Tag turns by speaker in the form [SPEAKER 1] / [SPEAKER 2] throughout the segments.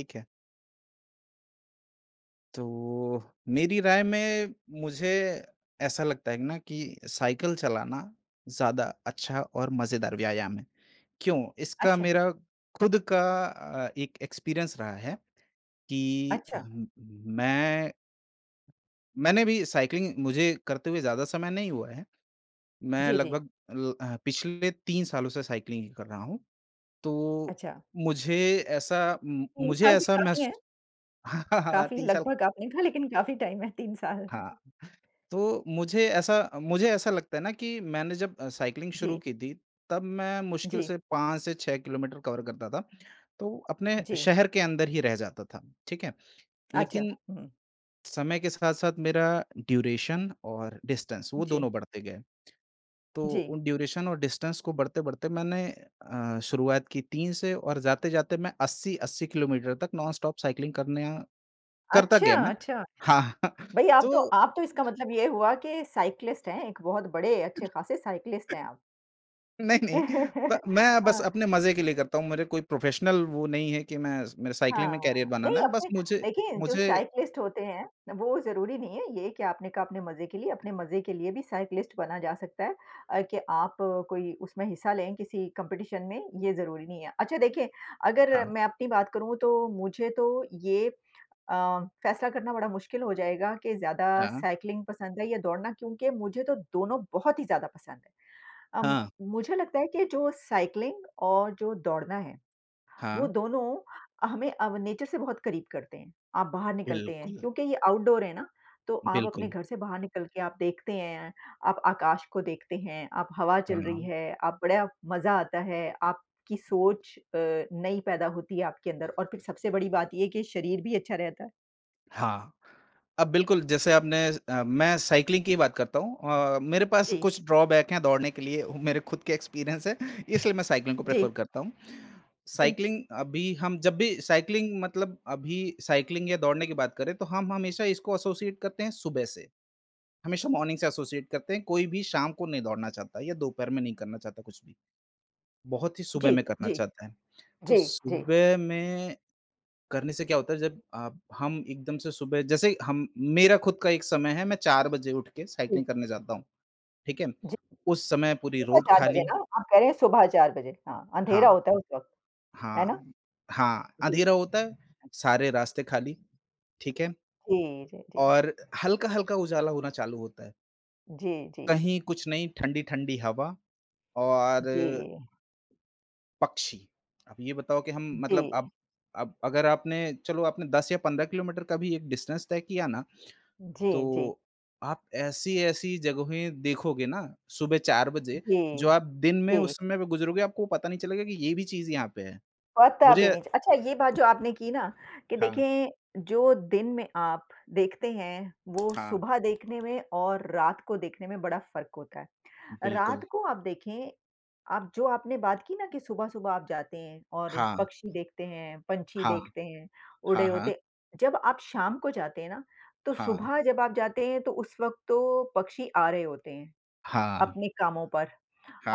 [SPEAKER 1] ठीक है। तो, मेरी राय में, मुझे ऐसा लगता है ना कि साइकिल चलाना ज़्यादा अच्छा और मज़ेदार व्यायाम है, क्यों? इसका
[SPEAKER 2] अच्छा।
[SPEAKER 1] मेरा खुद का अ, 1 एक्सपीरियंस रहा है कि
[SPEAKER 2] अच्छा।
[SPEAKER 1] मैं मैंने भी साइक्लिंग मुझे करते हुए ज़्यादा समय नहीं हुआ है। मैं
[SPEAKER 2] जी, जी।
[SPEAKER 1] लगभग अ, पिछले 3 सालों से साइकलिंग कर रहा हूँ, तो
[SPEAKER 2] अच्छा।
[SPEAKER 1] मुझे ऐसा मु
[SPEAKER 2] 3
[SPEAKER 1] मुझे
[SPEAKER 2] साल भी
[SPEAKER 1] ऐसा
[SPEAKER 2] काफ़ी है।
[SPEAKER 1] महसू
[SPEAKER 2] काफ़ी
[SPEAKER 1] 3 साल
[SPEAKER 2] लगभग आपने कहा, लेकिन काफ़ी टाइम है, 3 साल।
[SPEAKER 1] हाँ, तो मुझे ऐसा मुझे ऐसा लगता है ना कि मैंने जब साइक्लिंग शुरू
[SPEAKER 2] जी।
[SPEAKER 1] की थी तब मैं मुश्किल
[SPEAKER 2] जी।
[SPEAKER 1] से 5 से 6 किलोमीटर कवर करता था, तो अपने
[SPEAKER 2] जी।
[SPEAKER 1] शहर के अंदर ही रह जाता था, ठीक है?
[SPEAKER 2] अच्छा,
[SPEAKER 1] लेकिन
[SPEAKER 2] हुँ।
[SPEAKER 1] समय के साथ-साथ मेरा ड्यूरेशन और डिस्टेंस वो
[SPEAKER 2] जी।
[SPEAKER 1] दोनों बढ़ते गए। तो
[SPEAKER 2] जी।
[SPEAKER 1] वो ड्यूरेशन और डिस्टेंस को बढ़ते-बढ़ते मैंने अ, शुरुआत की 3 से और जाते-जाते मैं 80-80 किलोमीटर तक नॉन स्टॉप साइक्लिंग करना करता
[SPEAKER 2] अच्छा,
[SPEAKER 1] गया मैं।
[SPEAKER 2] अच्छा?
[SPEAKER 1] हाँ,
[SPEAKER 2] भाई, आप तो
[SPEAKER 1] तो
[SPEAKER 2] आप तो इसका मतलब ये हुआ कि साइक्लिस्ट हैं, एक बहुत बड़े अच्छे-खासे साइक्लिस्ट हैं आप।
[SPEAKER 1] नहीं-नहीं। प मैं बस
[SPEAKER 2] हाँ।
[SPEAKER 1] अपने मज़े के लिए करता हूँ। मेरा कोई प्रोफेशनल वो नहीं है कि मैं मैं
[SPEAKER 2] हाँ,
[SPEAKER 1] साइक्लिंग में करियर
[SPEAKER 2] हाँ।
[SPEAKER 1] बनाना
[SPEAKER 2] नहीं,
[SPEAKER 1] है, बस
[SPEAKER 2] अपने
[SPEAKER 1] मुझे
[SPEAKER 2] देखिए जो
[SPEAKER 1] मुझे
[SPEAKER 2] साइक्लिस्ट होते हैं, वो ज़रूरी नहीं है ये कि आपने कहा अपने मज़े के लिए, अपने मज़े के लिए भी साइक्लिस्ट बना जा सकता है अ, कि आप कोई उसमें हिस्सा लें किसी कॉम्पिटिशन में, ये ज़रूरी नहीं है। अच्छा देखिए अगर
[SPEAKER 1] हाँ।
[SPEAKER 2] मैं अपनी बात करूँ तो मुझे तो ये अ, फैसला करना बड़ा मुश्किल हो जाएगा कि ज़्यादा
[SPEAKER 1] हाँ।
[SPEAKER 2] साइक्लिंग पसंद है या दौड़ना, क्योंकि मुझे तो दोनों बहुत ही ज़्यादा पसंद है। अम,
[SPEAKER 1] हाँ।
[SPEAKER 2] मुझे लगता है कि जो साइक्लिंग और जो दौड़ना है, वो
[SPEAKER 1] हाँ।
[SPEAKER 2] दोनों, हमें अ, नेचर से बहुत करीब करते हैं। आप बाहर निकलते हैं,
[SPEAKER 1] बिल्कुल।
[SPEAKER 2] क्योंकि ये आउटडोर है ना, तो आप अपने
[SPEAKER 1] बिल्कुल।
[SPEAKER 2] घर से बाहर निकल के आप देखते हैं, आप आकाश को देखते हैं, आप हवा चल रही
[SPEAKER 1] हाँ।
[SPEAKER 2] है, आप बड़ा मज़ा आता है, आपकी सोच अ, नई पैदा होती है आपके अंदर और फिर सबसे बड़ी बात ये है कि शरीर भी अच्छा रहता है।
[SPEAKER 1] हाँ। अब बिल्कुल जैसे आपने अ, मैं साइकलिंग की बात करता हूँ। अ, मेरे पास
[SPEAKER 2] जी।
[SPEAKER 1] कुछ ड्रॉबैक है दौड़ने के लिए। मेरे खुद के एक्सपीरियंस है। इसलिए मैं साइकलिंग को प्रेफर
[SPEAKER 2] जी।
[SPEAKER 1] करता हूँ।
[SPEAKER 2] जी।
[SPEAKER 1] साइकलिंग अभी हम जब भी साइक्लिंग मतलब अभी साइकलिंग या दौड़ने की बात करें, तो हम हमेशा इसको एसोसिएट करते हैं सुबह से। हमेशा मॉर्निंग से एसोसिएट करते हैं। कोई भी शाम को नहीं दौड़ना चाहता या दोपहर में नहीं करना चाहता कुछ भी। बहुत ही सुबह
[SPEAKER 2] जी,
[SPEAKER 1] में करना
[SPEAKER 2] जी।
[SPEAKER 1] चाहता है। तो
[SPEAKER 2] जी, जी।
[SPEAKER 1] सुबह में करने से क्या होता है जब आप हम एकदम से सुबह जैसे ही हम मेरा खुद का एक समय है मैं चार बजे उठ के
[SPEAKER 2] हुँ।
[SPEAKER 1] साइक्लिंग करने जाता हूँ। ठीक है।
[SPEAKER 2] जी।
[SPEAKER 1] उस समय पूरी
[SPEAKER 2] सुबह
[SPEAKER 1] रोड
[SPEAKER 2] 4 बजे
[SPEAKER 1] खाली।
[SPEAKER 2] ना? आप कह रहे हैं सुबह 4 बजे हाँ, अँधेरा
[SPEAKER 1] हाँ।
[SPEAKER 2] होता है उस वक़्त है ना?
[SPEAKER 1] हाँ, हाँ,
[SPEAKER 2] जी,
[SPEAKER 1] अँधेरा
[SPEAKER 2] जी।
[SPEAKER 1] होता है। सारे रास्ते खाली, ठीक है
[SPEAKER 2] जी, जी, जी।
[SPEAKER 1] और हल्का-हल्का उजाला होना चालू होता है।
[SPEAKER 2] जी, जी, जी।
[SPEAKER 1] कहीं कुछ नहीं ठंडी-ठंडी हवा और
[SPEAKER 2] जी।
[SPEAKER 1] पक्षी, अब ये बताओ कि हम मतलब
[SPEAKER 2] जी।
[SPEAKER 1] अब अब अगर आपने चलो आपने 10 या 15 किलोमीटर का भी एक डिस्टेंस तय किया ना,
[SPEAKER 2] जी, जी।
[SPEAKER 1] तो आप ऐसी-ऐसी जगहें देखोगे ना सुबह 4 बजे
[SPEAKER 2] जी,
[SPEAKER 1] जो आप दिन में
[SPEAKER 2] जी।
[SPEAKER 1] उस समय गुज़रोगे, आपको पता नहीं चलेगा कि ये भी चीज यहाँ पे है।
[SPEAKER 2] पता भी
[SPEAKER 1] मुझे
[SPEAKER 2] नहीं अच्छा ये बात जो आपने की ना कि
[SPEAKER 1] हाँ।
[SPEAKER 2] देखें जो दिन में आप देखते हैं वो
[SPEAKER 1] हाँ।
[SPEAKER 2] सुबह देखने में और रात को देखने में बड़ा फ़र्क होता है।
[SPEAKER 1] बिल्कुल।
[SPEAKER 2] रात को आप देखें, आप जो आपने बात की ना कि सुबह-सुबह आप जाते हैं और
[SPEAKER 1] हाँ।
[SPEAKER 2] पक्षी देखते हैं, पंछी
[SPEAKER 1] हाँ।
[SPEAKER 2] देखते हैं, उड़े
[SPEAKER 1] हाँ,
[SPEAKER 2] होते
[SPEAKER 1] हाँ।
[SPEAKER 2] हैं। जब आप शाम को जाते हैं ना, तो
[SPEAKER 1] हाँ।
[SPEAKER 2] सुबह जब आप जाते हैं, तो उस वक़्त तो पक्षी आ रहे होते हैं।
[SPEAKER 1] हाँ।
[SPEAKER 2] अपने कामों पर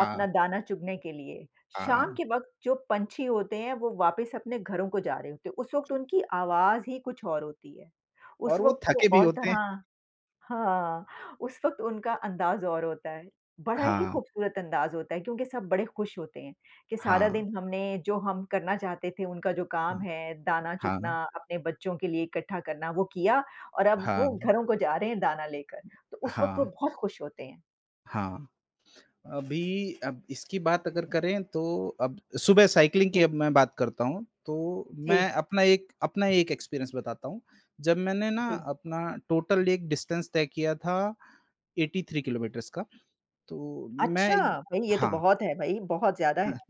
[SPEAKER 2] अपना दाना चुगने के लिए। शाम
[SPEAKER 1] हाँ।
[SPEAKER 2] के वक़्त जो पंछी होते हैं वो वापस अपने घरों को जा रहे होते हैं। उस वक़्त उनकी आवाज़ ही कुछ और होती है। उस
[SPEAKER 1] और वो
[SPEAKER 2] वक़्त
[SPEAKER 1] थके
[SPEAKER 2] वो
[SPEAKER 1] भी
[SPEAKER 2] और
[SPEAKER 1] होते हैं।
[SPEAKER 2] तरह हाँ उस वक़्त उनका अंदाज़ और होता है। बड़ा ही
[SPEAKER 1] हाँ।
[SPEAKER 2] खूबसूरत अंदाज होता है क्योंकि सब बड़े खुश होते हैं कि सारा
[SPEAKER 1] हाँ।
[SPEAKER 2] दिन हमने जो हम करना चाहते थे, उनका जो काम
[SPEAKER 1] हाँ।
[SPEAKER 2] है दाना चुगने
[SPEAKER 1] हाँ।
[SPEAKER 2] अपने बच्चों के लिए इकट्ठा करना, वो किया और अब वो
[SPEAKER 1] हाँ।
[SPEAKER 2] घरों को जा रहे हैं दाना लेकर। तो उस वक़्त वो
[SPEAKER 1] हाँ।
[SPEAKER 2] बहुत खुश होते हैं।
[SPEAKER 1] हाँ, अभी अब इसकी बात अगर करें तो अब सुबह साइक्लिंग की
[SPEAKER 2] जी।
[SPEAKER 1] अब मैं बात करता हूँ, तो
[SPEAKER 2] जी।
[SPEAKER 1] मैं अपना एक अपना एक एक्सपीरियंस बताता हूँ। जब मैंने ना
[SPEAKER 2] जी।
[SPEAKER 1] अपना टोटल एक डिस्टेंस तय किया था 83 किलोमीटर्स का तो मै
[SPEAKER 2] अच्छा, भई ये तो
[SPEAKER 1] हाँ।
[SPEAKER 2] बहुत है भई, बहुत ज़्यादा है।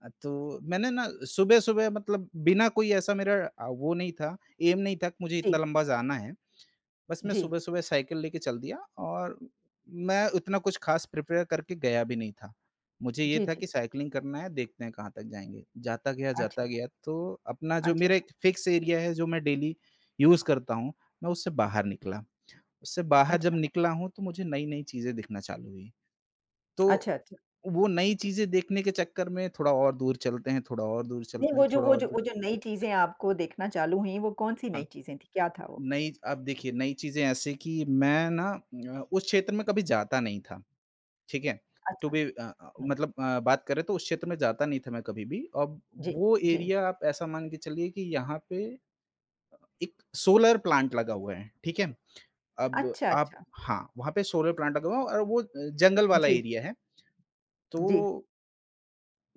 [SPEAKER 1] अ, तो मैंने ना सुबह-सुबह मतलब बिना कोई ऐसा मेरा वो नहीं था ऐम नहीं था कि मुझे इतना
[SPEAKER 2] जी।
[SPEAKER 1] लम्बा जाना है। बस मैं
[SPEAKER 2] जी।
[SPEAKER 1] सुबह-सुबह साइकिल लेके चल दिया और मैं उतना कुछ ख़ास प्रिपेयर करके गया भी नहीं था। मुझे ये
[SPEAKER 2] जी,
[SPEAKER 1] था
[SPEAKER 2] जी।
[SPEAKER 1] कि साइक्लिंग करना है देखते हैं कहाँ तक जाएँगे जाता गया, जाता
[SPEAKER 2] अच्छा।
[SPEAKER 1] गया तो अपना जो
[SPEAKER 2] अच्छा।
[SPEAKER 1] मेरा एक फिक्स एरिया है जो मैं डेली यूज़ करता हूँ मैं उससे बाहर निकला, उससे बाहर जब
[SPEAKER 2] अच्छा।
[SPEAKER 1] निकला हूँ तो मुझे नई-नई चीज़ें दिखना चालू हुई, तो
[SPEAKER 2] अच्छा, अच्छा।
[SPEAKER 1] वो नई चीज़ें देखने के चक्कर में थोड़ा और दूर चलते हैं, थोड़ा और दूर
[SPEAKER 2] नहीं
[SPEAKER 1] चलते हैं
[SPEAKER 2] वो जो
[SPEAKER 1] थोड़ा
[SPEAKER 2] वो
[SPEAKER 1] और
[SPEAKER 2] जो
[SPEAKER 1] दू
[SPEAKER 2] वो जो नई चीज़ें आपको देखना चालू हुई, वो कौन-सी
[SPEAKER 1] हाँ।
[SPEAKER 2] नयी चीज़ें थीं, क्या था वो?
[SPEAKER 1] नई अब देखिए नई चीज़ें ऐसी है कि मैं ना उम, उस क्षेत्र में कभी जाता नहीं था। ठीक है? टू
[SPEAKER 2] अच्छा,
[SPEAKER 1] बी अ,
[SPEAKER 2] हुँ।
[SPEAKER 1] मतलब अ, बात करें तो उस क्षेत्र में जाता नहीं था मैं कभी भी, अब
[SPEAKER 2] जी,
[SPEAKER 1] वो
[SPEAKER 2] जी।
[SPEAKER 1] एरिया आप ऐसा मान के चलिए कि यहाँ पे 1 सोलर प्लांट लगा हुआ है ठीक है। अब
[SPEAKER 2] अच्छा,
[SPEAKER 1] आप
[SPEAKER 2] अच्छा।
[SPEAKER 1] हाँ, वहाँ पे सोलर प्लांट लगा हुआ है और वो जंगल वाला
[SPEAKER 2] जी।
[SPEAKER 1] एरिया है,
[SPEAKER 2] जी।
[SPEAKER 1] तो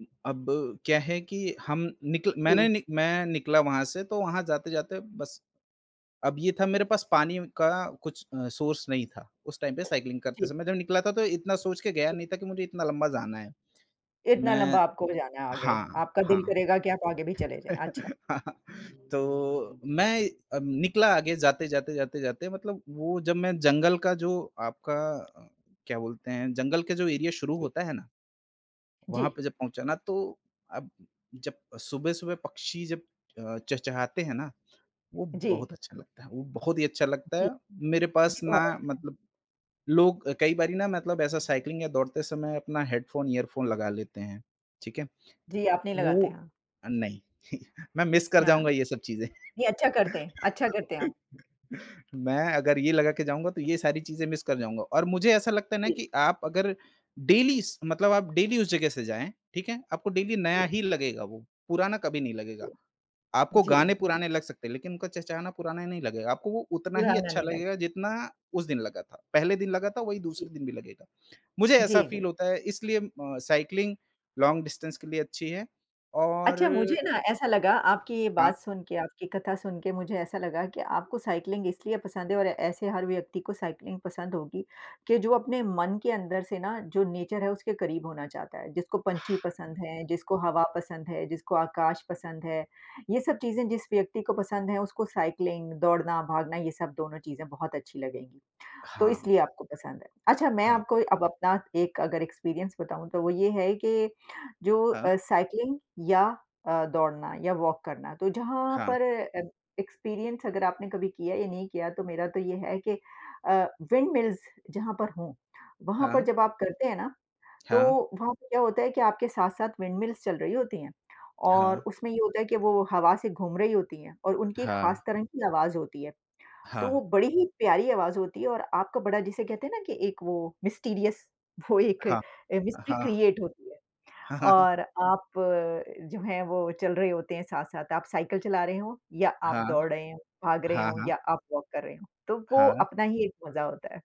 [SPEAKER 1] उ अब, क्या है कि हम निकल मैंने
[SPEAKER 2] जी।
[SPEAKER 1] नि मैं निकला वहाँ से तो वहाँ जाते-जाते बस, अब ये था मेरे पास पानी व का कुछ अ, सोर्स नहीं था, उस टाइम पे साइक्लिंग करते
[SPEAKER 2] जी।
[SPEAKER 1] समय जब निकला था तो इतना सोच के गया
[SPEAKER 2] जी।
[SPEAKER 1] नहीं था कि मुझे इतना लंबा जाना है।
[SPEAKER 2] इतना
[SPEAKER 1] मैं
[SPEAKER 2] लम्बा आपको हो जाना है आगे,
[SPEAKER 1] हाँ,
[SPEAKER 2] आपका दिल
[SPEAKER 1] हाँ।
[SPEAKER 2] करेगा कि आप आगे भी चले जाएँ, अच्छा।
[SPEAKER 1] तो मैं अ, निकला आगे जाते-जाते, जाते-जाते मतलब वो जब मैं जंगल का जो आपका अ, क्या बोलते हैं जंगल के जो एरिया शुरू होता है ना, वहाँ
[SPEAKER 2] जी।
[SPEAKER 1] पे जब पहुँचा ना, तो अब जब सुबह-सुबह पक्षी जब अ, चहचहाते हैं ना, वो
[SPEAKER 2] जी।
[SPEAKER 1] बहुत अच्छा लगता है, वो बहुत ही अच्छा लगता
[SPEAKER 2] जी।
[SPEAKER 1] है। मेरे पास
[SPEAKER 2] जी,
[SPEAKER 1] ना
[SPEAKER 2] बहुत अच्छा।
[SPEAKER 1] मतलब लोग अ, कई बारी ना मतलब ऐसा साइक्लिंग या दौड़ते समय अपना हेडफोन, ईयरफोन लगा लेते हैं, ठीक है?
[SPEAKER 2] जी, आप नहीं लगाते,
[SPEAKER 1] वो
[SPEAKER 2] हाँ।
[SPEAKER 1] अ, नहीं, मैं मिस कर
[SPEAKER 2] हाँ।
[SPEAKER 1] जाऊँगा ये सब चीज़ें।
[SPEAKER 2] ये अच्छा करते हैं, अच्छा करते हैं आप।
[SPEAKER 1] मैं अगर ये लगा के जाऊँगा तो ये सारी चीज़ें मिस कर जाऊँगा और मुझे ऐसा लगता है ना
[SPEAKER 2] जी।
[SPEAKER 1] कि आप अगर डेली इस मतलब आप डेली उस जगह से जाएँ, ठीक है? आपको डेली नया
[SPEAKER 2] जी।
[SPEAKER 1] ही लगेगा वो, पुराना कभी नहीं लगेगा।
[SPEAKER 2] जी।
[SPEAKER 1] आपको गाने
[SPEAKER 2] जी, जी।
[SPEAKER 1] पुराने लग सकते हैं लेकिन उनका चहचहाना पुराना ही नहीं लगेगा, आपको वो उतना ही
[SPEAKER 2] पुराना
[SPEAKER 1] अच्छा
[SPEAKER 2] नहीं लग
[SPEAKER 1] लगेगा जितना उस दिन लगा था, पहले दिन लगा था वही दूसरे
[SPEAKER 2] जी।
[SPEAKER 1] दिन भी लगेगा। मुझे ऐसा
[SPEAKER 2] जी, जी।
[SPEAKER 1] फ़ील होता है इसलिए म अ, साइक्लिंग, लॉन्ग डिस्टेंस के लिए अच्छी है
[SPEAKER 2] अच्छा, मुझे
[SPEAKER 1] और
[SPEAKER 2] ना ऐसा लगा आपकी ये
[SPEAKER 1] हाँ।
[SPEAKER 2] बात सुन के, आपकी कथा सुन के मुझे ऐसा लगा कि आपको साइक्लिंग इसलिए पसंद है और ऐसे हर व्यक्ति को साइक्लिंग पसंद होगी, कि जो अपने मन के अंदर से ना जो नेचर है उसके करीब होना चाहता है, जिसको पँछी पसंद है, जिसको हवा पसंद है, जिसको आकाश पसंद है। ये सब चीज़ें जिस व्यक्ति को पसंद हैं उसको साइक्लिंग दौड़ना, भागना ये सब दोनों चीज़ें बहुत अच्छी लगेंगी, तो
[SPEAKER 1] हाँ।
[SPEAKER 2] इसलिए आपको पसंद है। अच्छा मैं
[SPEAKER 1] हाँ।
[SPEAKER 2] आपको अब अपना एक अगर एक्सपीरियंस बताऊँ तो वो ये है कि जो
[SPEAKER 1] हाँ।
[SPEAKER 2] अ, साइक्लिंग या अ, दौड़ना या वॉक करना, तो जहाँ
[SPEAKER 1] हाँ।
[SPEAKER 2] पर अ, एक्सपीरियंस अगर आपने कभी किया या नहीं किया तो मेरा तो ये है कि अ, विंड मिल्स जहाँ पर हो, वहाँ पर
[SPEAKER 1] हाँ।
[SPEAKER 2] जब आप करते हैं ना, तो
[SPEAKER 1] हाँ।
[SPEAKER 2] वहाँ पे क्या होता है कि आपके साथ-साथ विंड मिल्स चल रही होती हैं।
[SPEAKER 1] हाँ।
[SPEAKER 2] और उसमें ये होता है कि वो हवा से घूम रही होती है और उनकी खास
[SPEAKER 1] हाँ।
[SPEAKER 2] तरंग की आवाज़ होती है, तो वो
[SPEAKER 1] हाँ।
[SPEAKER 2] बड़ी ही प्यारी आवाज़ होती है और आपको बड़ा जिसे कहते हैं ना कि एक वो मिस्टीरियस वो एक
[SPEAKER 1] हाँ,
[SPEAKER 2] अ, मिस्ट्री
[SPEAKER 1] हाँ।
[SPEAKER 2] क्रिएट होती है। और आप जो हैं, वो चल रहे होते हैं साथ-साथ आप साइकिल चला रहे हों, या आप
[SPEAKER 1] हाँ,
[SPEAKER 2] दौड़ रहे हों, भाग रहे
[SPEAKER 1] हाँ,
[SPEAKER 2] हों
[SPEAKER 1] हाँ।
[SPEAKER 2] या आप वॉक कर रहे हो। तो वो
[SPEAKER 1] हाँ।
[SPEAKER 2] अपना ही एक मज़ा होता है,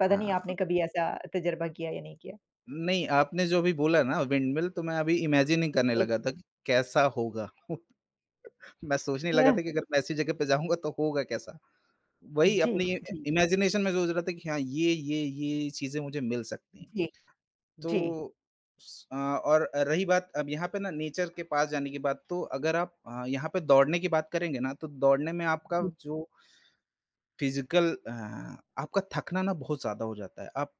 [SPEAKER 2] पता नहीं आपने
[SPEAKER 1] हाँ।
[SPEAKER 2] कभी ऐसा तजुर्बा किया या नहीं किया।
[SPEAKER 1] नहीं, आपने जो अभी बोला ना विंडमिल तो मैं अभी इमेजिन ही करने
[SPEAKER 2] एक।
[SPEAKER 1] लगा था कैसा होगा। मैं सोचने लगा
[SPEAKER 2] हाँ।
[SPEAKER 1] था कि अगर मैं ऐसी जगह पे जाऊँगा तो होगा कैसा? वही
[SPEAKER 2] जी,
[SPEAKER 1] अपनी
[SPEAKER 2] जी।
[SPEAKER 1] इमेजिनेशन में सोच रहा था कि हाँ ये-ये, ये चीज़ें मुझे मिल सकती हैं।
[SPEAKER 2] जी, जी।
[SPEAKER 1] तो अ, और रही बात अब यहाँ पे ना नेचर के पास जाने के बाद तो अगर आप अ, यहाँ पे दौड़ने की बात करेंगे ना तो दौड़ने में आपका जो फिजिकल हाँ आपका थकना ना बहुत ज़्यादा हो जाता है। आप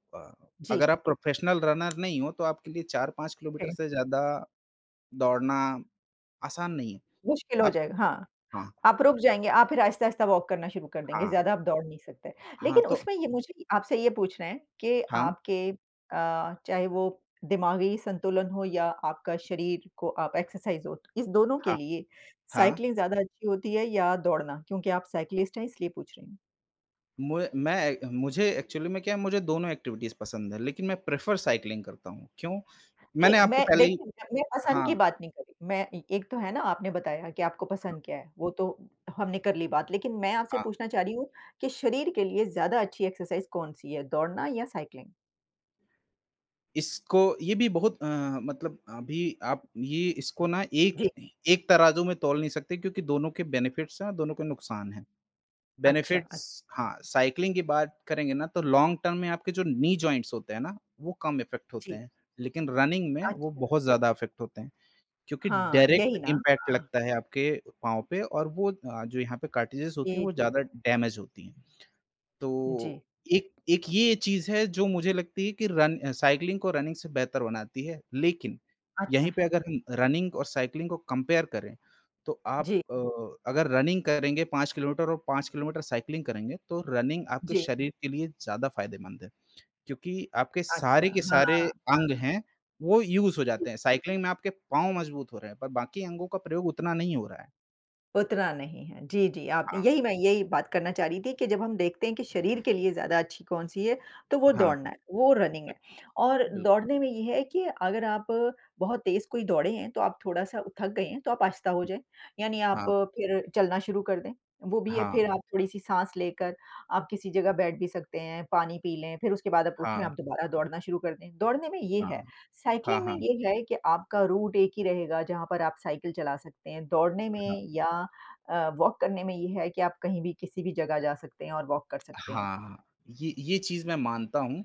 [SPEAKER 2] जी।
[SPEAKER 1] अगर आप प्रोफेशनल रनर नहीं हो, तो आपके लिए 4-5 किलोमीटर
[SPEAKER 2] के
[SPEAKER 1] से ज़्यादा दौड़ना आसान नहीं है।
[SPEAKER 2] मुश्किल हो
[SPEAKER 1] आप
[SPEAKER 2] जाएगा हाँ,
[SPEAKER 1] हाँ।
[SPEAKER 2] आप रुक जाएँगे, आप फिर आहिस्ता-आहिस्ता वॉक करना शुरू कर देंगे।
[SPEAKER 1] हाँ।
[SPEAKER 2] ज़्यादा आप दौड़ नहीं सकते।
[SPEAKER 1] हाँ,
[SPEAKER 2] लेकिन
[SPEAKER 1] तो
[SPEAKER 2] उसमें ये मुझे आपसे ये पूछना है कि
[SPEAKER 1] हाँ।
[SPEAKER 2] आपके अ, चाहे वो दिमागी संतुलन हो या आपका शरीर को आप एक्सरसाइज़ हो, इस दोनों के
[SPEAKER 1] हाँ,
[SPEAKER 2] लिए,
[SPEAKER 1] हाँ।
[SPEAKER 2] साइक्लिंग ज़्यादा अच्छी होती है या दौड़ना? क्योंकि आप साइक्लिस्ट हैं इसलिए पूछ रही हूँ।
[SPEAKER 1] म मैं मुझे एक्चुअली में क्या है, मुझे दोनों एक्टिविटीज़ पसंद हैं। लेकिन मैं प्रेफर साइक्लिंग करता हूँ, क्यों?
[SPEAKER 2] नहीं,
[SPEAKER 1] मैंने आपको
[SPEAKER 2] मैं
[SPEAKER 1] पहले ही
[SPEAKER 2] देखिए, मैं अपने पसंद की
[SPEAKER 1] हाँ।
[SPEAKER 2] बात नहीं कर रही। मैं एक तो है ना, आपने बताया कि आपको पसंद क्या है? वो तो हमने कर ली बात लेकिन मैं आपसे
[SPEAKER 1] हाँ।
[SPEAKER 2] पूछना चाह रही हूँ कि शरीर के लिए ज़्यादा अच्छी एक्सरसाइज़ कौन-सी है? दौड़ना या साइक्लिंग?
[SPEAKER 1] इसको ये भी बहुत अ, मतलब अभी आप ये इसको ना एक
[SPEAKER 2] जी।
[SPEAKER 1] एक तराजू में तोल नहीं सकते क्योंकि दोनों के बेनिफिट्स हैं और दोनों के नुकसान हैं।
[SPEAKER 2] अच्छा अच्
[SPEAKER 1] बेनिफिट्स हाँ, साइक्लिंग की बात करेंगे ना तो लॉन्ग टर्म में आपके जो नी जॉइंट्स होते हैं ना, वो कम इफ़ेक्ट होते
[SPEAKER 2] जी।
[SPEAKER 1] हैं, लेकिन रनिंग में वो
[SPEAKER 2] अच्छा।
[SPEAKER 1] बहुत ज़्यादा इफ़ेक्ट होते हैं क्योंकि
[SPEAKER 2] हाँ,
[SPEAKER 1] डायरेक्ट
[SPEAKER 2] यही ना।
[SPEAKER 1] इम्पैक्ट
[SPEAKER 2] हाँ।
[SPEAKER 1] लगता है आपके पाँव पे, और वो अ, जो यहाँ पे कार्ट्रिज़ेस होती हैं
[SPEAKER 2] जी,
[SPEAKER 1] वो
[SPEAKER 2] जी।
[SPEAKER 1] ज़्यादा डेेमेज़ होती हैं,
[SPEAKER 2] जी।
[SPEAKER 1] तो एक एक ये चीज़ है जो मुझे लगती है कि रन अ, साइक्लिंग को रनिंग से बेहतर बनाती है। लेकिन यहीं
[SPEAKER 2] अच्छा।
[SPEAKER 1] पे अगर हम रनिंग और साइक्लिंग को कंपेयर करें, तो आप
[SPEAKER 2] जी।
[SPEAKER 1] अ, अगर रनिंग करेंगे 5 किलोमीटर और 5 किलोमीटर साइक्लिंग करेंगे तो रनिंग आपके
[SPEAKER 2] जी।
[SPEAKER 1] शरीर के लिए ज़्यादा फायदेमंद है क्योंकि आपके
[SPEAKER 2] अच्छा,
[SPEAKER 1] सारे के
[SPEAKER 2] हाँ।
[SPEAKER 1] सारे अंग
[SPEAKER 2] हाँ।
[SPEAKER 1] हैं, वो यूज़ हो
[SPEAKER 2] जी।
[SPEAKER 1] जाते हैं, साइक्लिंग में आपके पाँव मज़बूत हो रहे हैं पर बाकी अंगों का प्रयोग उतना नहीं हो रहा है।
[SPEAKER 2] उतना नहीं है। जी, जी, आप
[SPEAKER 1] हाँ।
[SPEAKER 2] यही मैं यही बात करना चाह रही थी कि जब हम देखते हैं कि शरीर के लिए ज़्यादा अच्छी कौन-सी है तो वो
[SPEAKER 1] हाँ।
[SPEAKER 2] दौड़ना है, वो रनिंग है और
[SPEAKER 1] बिल्कुल।
[SPEAKER 2] दौड़ने में ये है कि अगर आप बहुत तेज़ कोई दौड़े हैं, तो आप थोड़ा-सा थक गए हैं तो आप आहिस्ता हो जाएँ, यानी आप
[SPEAKER 1] हाँ।
[SPEAKER 2] फिर चलना शुरू कर दें, वो भी है
[SPEAKER 1] हाँ।
[SPEAKER 2] फिर आप थोड़ी-सी साँस लेकर आप किसी जगह बैठ भी सकते हैं, पानी पी लें, फिर उसके बाद आप उठें,
[SPEAKER 1] हाँ।
[SPEAKER 2] आप दोबारा दौड़ना शुरू कर दें। दौड़ने में ये है,
[SPEAKER 1] हाँ। हाँ,
[SPEAKER 2] साइक्लिंग में
[SPEAKER 1] हाँ।
[SPEAKER 2] ये है कि आपका रूट एक ही रहेगा, जहाँ पर आप साइकिल चला सकते हैं, दौड़ने
[SPEAKER 1] हाँ।
[SPEAKER 2] में या अ, वॉक करने में ये है कि आप कहीं भी किसी भी जगह जा सकते हैं और वॉक कर सकते हैं।
[SPEAKER 1] हाँ, हाँ। ये ये चीज़ मैं मानता हूँ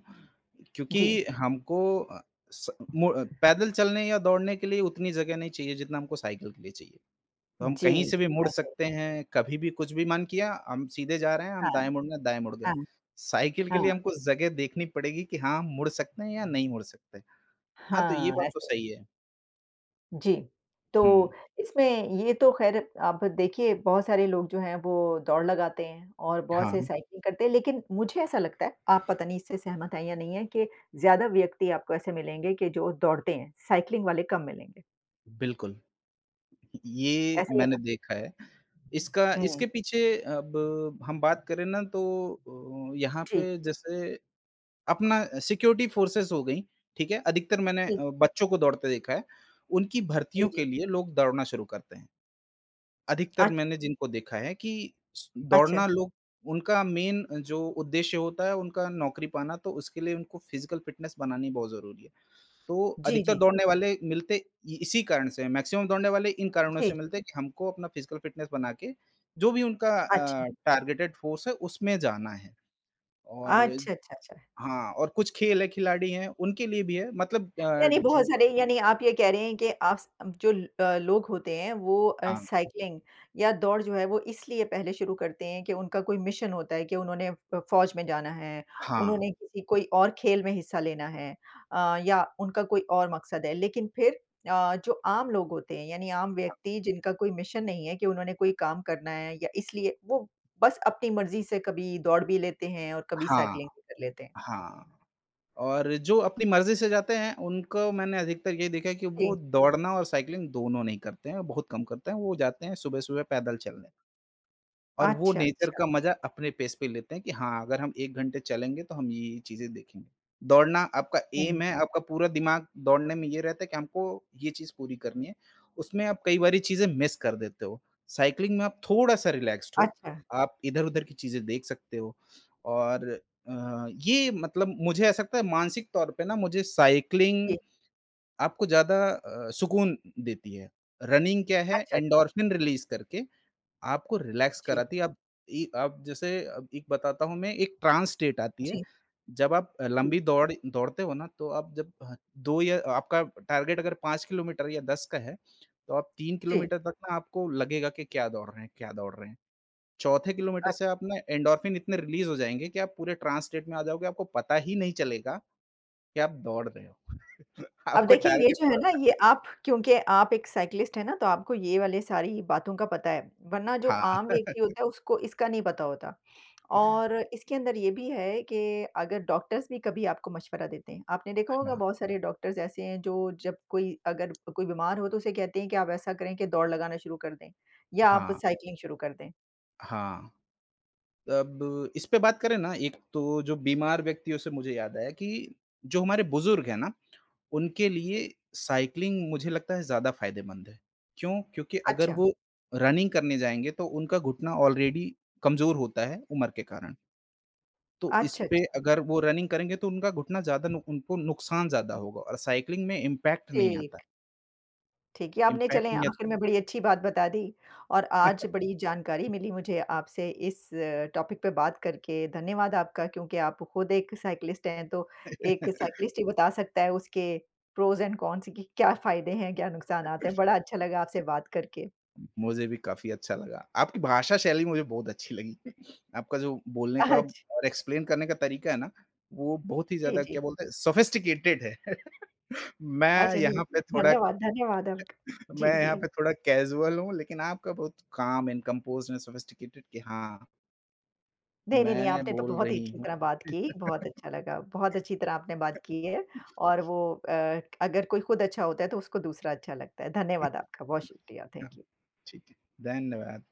[SPEAKER 2] जी।
[SPEAKER 1] क्योंकि हमको अ, स मु पैदल चलने या दौड़ने के लिए उतनी जगह नहीं चाहिए जितना हमको साइकिल के लिए चाहिए। तो हम कहीं
[SPEAKER 2] जी।
[SPEAKER 1] से भी मुड़ सकते हैं, कभी भी कुछ भी मन किया, हम सीधे जा रहे हैं, हम
[SPEAKER 2] हाँ।
[SPEAKER 1] दाएँ मुड़ना, दाएँ मुड़ गए
[SPEAKER 2] हाँ।
[SPEAKER 1] हैं। साइकिल के लिए
[SPEAKER 2] हाँ।
[SPEAKER 1] हमको जगह देखनी पड़ेगी कि हाँ, हम मुड़ सकते हैं या नहीं मुड़ सकते हैं। हाँ, तो ये
[SPEAKER 2] हाँ
[SPEAKER 1] बात तो
[SPEAKER 2] ऐसे
[SPEAKER 1] सही है।
[SPEAKER 2] जी,
[SPEAKER 1] हुँ।
[SPEAKER 2] तो इसमें ये तो खैर आप देखिए बहुत सारे लोग जो हैं वो दौड़ लगाते हैं, और बहुत से
[SPEAKER 1] हाँ।
[SPEAKER 2] साइकिल करते हैं लेकिन मुझे ऐसा लगता है आप पता नहीं इससे सहमत हैं या नहीं हैं कि ज़्यादा व्यक्ति आपको ऐसे मिलेंगे कि जो दौड़ते हैं, साइकिलिंग वाले कम मिलेंगे।
[SPEAKER 1] बिल्कुल, ये
[SPEAKER 2] ऐसे ही है
[SPEAKER 1] मैंने
[SPEAKER 2] ना?
[SPEAKER 1] देखा है। इसका
[SPEAKER 2] हुँ।
[SPEAKER 1] इसके पीछे अब हम बात करें ना तो अ, यहाँ
[SPEAKER 2] जी।
[SPEAKER 1] पे जैसे अपना सिक्योरिटी फोर्सेस हो गई, ठीक है। अधिकतर मैंने
[SPEAKER 2] जी।
[SPEAKER 1] बच्चों को दौड़ते देखा है उनकी
[SPEAKER 2] जी,
[SPEAKER 1] भर्तियों के
[SPEAKER 2] जी।
[SPEAKER 1] लिए लोग दौड़ना शुरू करते हैं। अधिकतर
[SPEAKER 2] अच्छा।
[SPEAKER 1] मैंने जिनको देखा है कि स
[SPEAKER 2] अच्छा।
[SPEAKER 1] दौड़ना लोग उनका मेन अ, जो उद्देश्य होता है उनका नौकरी पाना तो उसके लिए उनको फिजिकल फिटनेस बनानी बहुत ज़रूरी है, तो
[SPEAKER 2] जी,
[SPEAKER 1] अधिकतर
[SPEAKER 2] जी।
[SPEAKER 1] दौड़ने वाले मिलते इसी कारण से है। मैक्सिमम दौड़ने वाले इन कारणों से
[SPEAKER 2] जी।
[SPEAKER 1] मिलते हैं कि हमको अपना फिजिकल फिटनेस बना के जो भी उनका
[SPEAKER 2] अच्छा।
[SPEAKER 1] अ, टारगेटेड फोर्स है उसमें जाना है, और
[SPEAKER 2] अच्छा, अच्छा, अच्छा।
[SPEAKER 1] हाँ और हाँ कुछ खेल है खिलाड़ी हैं, उनके लिए भी है मतलब अ,
[SPEAKER 2] यानी बहुत
[SPEAKER 1] जो
[SPEAKER 2] सारे यानी आप ये कह रहे हैं कि आप जो अ, लोग होते हैं वो अ,
[SPEAKER 1] हाँ।
[SPEAKER 2] साइकिलिंग या दौड़ जो है वो इसलिए पहले शुरू करते हैं कि उनका कोई मिशन होता है कि उन्होंने फौज में जाना है।
[SPEAKER 1] हाँ।
[SPEAKER 2] उन्होंने किसी कोई और खेल में हिस्सा लेना है अ, या उनका कोई और मकसद है लेकिन फिर अ, जो आम लोग होते हैं यानी आम
[SPEAKER 1] हाँ।
[SPEAKER 2] व्यक्ति जिनका कोई मिशन नहीं है कि उन्होंने कोई काम करना है या इसलिए वो बस अपनी मर्ज़ी से कभी दौड़ भी लेते हैं, और कभी
[SPEAKER 1] हाँ,
[SPEAKER 2] साइकिलिंग भी कर लेते हैं।
[SPEAKER 1] हाँ। और जो अपनी मर्ज़ी से जाते हैं उनको मैंने अधिकतर ये देखा है कि
[SPEAKER 2] जी।
[SPEAKER 1] वो दौड़ना और साइकिलिंग दोनों नहीं करते हैं बहुत कम करते हैं। वो जाते हैं सुबह-सुबह पैदल चलने, और वो
[SPEAKER 2] अच्छा,
[SPEAKER 1] नेचर
[SPEAKER 2] अच्छा।
[SPEAKER 1] का मज़ा अपने पेस पे लेते हैं कि हाँ अगर हम 1 घंटे चलेंगे तो हम ये-ये चीजें देखेंगे। दौड़ना आपका
[SPEAKER 2] हुँ।
[SPEAKER 1] एम है, आपका पूरा दिमाग दौड़ने में ये रहता है कि हमको ये चीज़ पूरी करनी है उसमें आप कई बारी चीज़ें मिस कर देते हो साइकिलिंग में आप थोड़ा-सा रिलैक्स्ड हो।
[SPEAKER 2] अच्छा।
[SPEAKER 1] आप इधर-उधर की चीजें देख सकते हो और अ, ये मतलब मुझे ऐसा लगता है मानसिक तौर पे ना मुझे साइकिलिंग
[SPEAKER 2] जी।
[SPEAKER 1] आपको ज़्यादा सुकून देती है। रनिंग क्या है
[SPEAKER 2] अच्छा, अच्छा।
[SPEAKER 1] एंडोर्फिन रिलीज़ करके आपको रिलैक्स
[SPEAKER 2] जी।
[SPEAKER 1] कराती है। अब इ अब जैसे एक बताता हूँ मैं एक ट्रांस स्टेट आती है,
[SPEAKER 2] जी।
[SPEAKER 1] जब आप
[SPEAKER 2] जी।
[SPEAKER 1] लंबी दौड़ दौड़ते हो ना तो आप जब 2 या आपका टारगेट अगर 5 किलोमीटर या 10 का है, तो आप 3
[SPEAKER 2] जी।
[SPEAKER 1] किलोमीटर तक मे आपको लगेगा कि क्या दौड़ रहे हैं, क्या दौड़ रहे हैं। चौथे किलोमीटर
[SPEAKER 2] अच्छा।
[SPEAKER 1] से आप ना एंडोर्फिन इतने रिलीज़ हो जाएँगे कि आप पूरे ट्रांस स्टेट में आ जाओगे। आपको पता ही नहीं चलेगा कि आप दौड़ रहे हो
[SPEAKER 2] अब
[SPEAKER 1] आपको
[SPEAKER 2] देखिए, ये
[SPEAKER 1] टारगेट
[SPEAKER 2] जो है
[SPEAKER 1] पूरा
[SPEAKER 2] ना
[SPEAKER 1] कर
[SPEAKER 2] ये आप क्योंकि आप एक साइकिलिस्ट हैं ना तो आपको ये वाली सारी बातों का पता है। वरना जो
[SPEAKER 1] हाँ।
[SPEAKER 2] आम व्यक्ति होता है उसको इसका नहीं पता होता और इसके अंदर ये भी है कि अगर डॉक्टर्स भी कभी आपको मशवरा देते हैं। आपने देखा होगा बहुत सारे डॉक्टर्स ऐसे हैं जो जब कोई अगर कोई बीमार हो तो उसे कहते हैं कि आप ऐसा करें कि दौड़ लगाना शुरू कर दें, या आप
[SPEAKER 1] हाँ।
[SPEAKER 2] साइकिलिंग शुरू कर दें।
[SPEAKER 1] हाँ। अब इसपे बात करें ना, एक तो जो बीमार व्यक्तियों से मुझे याद आया कि, जो हमारे बुजुर्ग हैं ना, उनके लिए
[SPEAKER 2] जी।
[SPEAKER 1] साइक्लिंग मुझे लगता है ज़्यादा फ़ायदेमंद है। क्यों? क्योंकि अगर
[SPEAKER 2] अच्छा।
[SPEAKER 1] वो रनिंग करने जाएँगे, तो उनका घुटना ऑलरेडी कमज़ोर होता है उम्र के कारण तो
[SPEAKER 2] अच्छा,
[SPEAKER 1] इसपे
[SPEAKER 2] अच्छा।
[SPEAKER 1] अगर वो रनिंग करेंगे तो उनका घुटना ज़्यादा नुक उनको नुकसान ज़्यादा होगा और साइक्लिंग में इम्पैक्ट नहीं आता है।
[SPEAKER 2] ठीक। ठीक है, आपने
[SPEAKER 1] इम्पैक्ट
[SPEAKER 2] चले
[SPEAKER 1] नहीं आ
[SPEAKER 2] आखिर में बड़ी अच्छी बात बता दी और आज बड़ी जानकारी मिली मुझे आपसे इस अ, टॉपिक पे बात करके। धन्यवाद आपका क्योंकि आप खुद एक साइक्लिस्ट हैं, तो एक साइक्लिस्ट ही बता सकता है उसके प्रोस एंड कॉन्स की क्या फ़ायदे हैं, क्या नुकसानात हैं, बड़ा अच्छा लगा आपसे बात करके।
[SPEAKER 1] उ मुझे भी काफ़ी अच्छा लगा, आपकी भाषा शैली मुझे बहुत अच्छी लगी, आपका जो बोलने का
[SPEAKER 2] अच्छ
[SPEAKER 1] और एक्सप्लेन करने का तरीका है ना, वो बहुत ही
[SPEAKER 2] जी,
[SPEAKER 1] ज़्यादा क्या
[SPEAKER 2] जी।
[SPEAKER 1] बोलते हैं सोफिस्टिकेटेड है। मैं
[SPEAKER 2] अच्छा नहीं,
[SPEAKER 1] यहाँ पे थोड़ा
[SPEAKER 2] धन्यवाद, धन्यवाद आपका। जी,
[SPEAKER 1] मैं यहाँ
[SPEAKER 2] जी।
[SPEAKER 1] पे थोड़ा कैजुअल हूँ, लेकिन आपका बहुत calm and composed and sophisticated कि हाँ
[SPEAKER 2] नहीं, नहीं, नहीं
[SPEAKER 1] मैं
[SPEAKER 2] आपने तो
[SPEAKER 1] बोल
[SPEAKER 2] बहुत ही
[SPEAKER 1] रही
[SPEAKER 2] अच्छी
[SPEAKER 1] हूँ
[SPEAKER 2] तरह बात की, बहुत अच्छा लगा। बहुत अच्छी तरह आपने बात की है और वो अ, क अगर कोई खुद अच्छा होता है, तो उसको दूसरा अच्छा लगता है। धन्यवाद आपका, बहुत शुक्रिया, थैंक यू।
[SPEAKER 1] ठीक है, धन्यवाद।